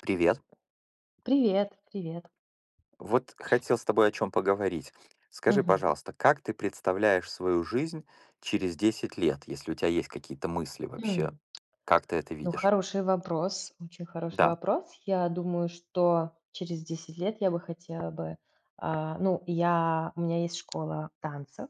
Привет! Привет, привет. Вот хотел с тобой о чём поговорить. Скажи, Мгм. пожалуйста, как ты представляешь свою жизнь через 10 лет? Если у тя есть какие-то мысли вообще, М. как ты это Ну видишь? хороший вопрос, очень хороший Да. вопрос. Я думаю, что через 10 лет я бы хотела бы, а, ну я у меня есть школа танцев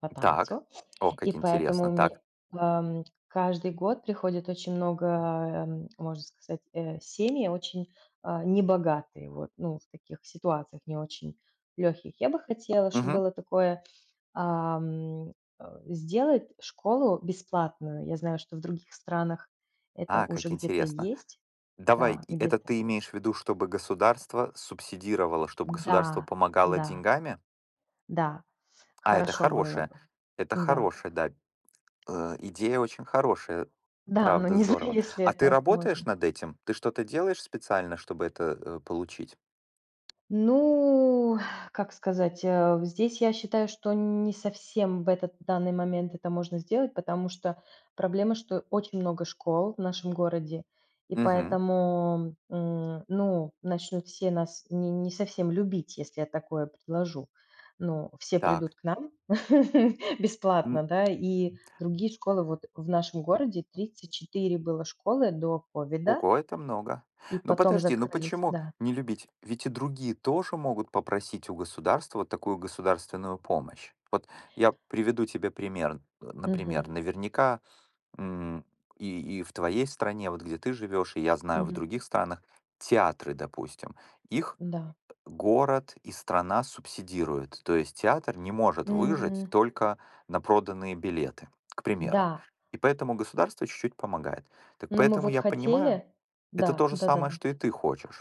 по Так. танцу, Ох, и как поэтому интересно! Так. мне, эм каждый год приходит очень много, эм можно сказать, э, семьи очень, а, небогатые, вот ну в таких ситуациях не очень лёгких. Я бы хотела, чтоб Мгм. было такое, ам э, сделать школу бесплатную. Я знаю, что в других странах это А, уже как где-то интересно. есть. Давай. Да, И это где-то. ты имеешь в виду, чтобы государство субсидировало, чтобы государство Н-да, помогало да. деньгами? Да, А это хорошо было хорошее, бы, это н-да. хорошее, да. Э, идея очень хорошая. Да, но Правда, не знаю, здорово. если А ты это работаешь можно. над этим? Ты что-то делаешь специально, чтобы это, э, получить? Ну как сказать, э, в здесь я считаю, что не совсем в этот данный момент это можно сделать, потому что проблема, что очень много школ в нашем городе, и Мгм. поэтому М, ну начнут все нас ни не совсем любить, если я такое предложу. Ну все Так. придут к нам бесплатно, М. да. И другие школы, вот в нашем городе 34 было школы до ковида. Ого, это много! И Ну потом подожди. Ну закрылись, почему да. не любить? Ведь и другие тоже могут попросить у государства вот такую государственную помощь. Вот я приведу тебе пример. Э, Мгм. например, наверняка, м и и в твоей стране, вот где ты живешь, и, я знаю, в Мгм. других странах театры, допустим, их М-да. город и страна субсидируют. То есть театр не может выжить М. только на проданные билеты, к примеру. Да. И поэтому государство чуть-чуть помогает. Так Ну мы поэтому вот я понимаю хотели. это Да, то же самое, да-да-да. что и ты хочешь.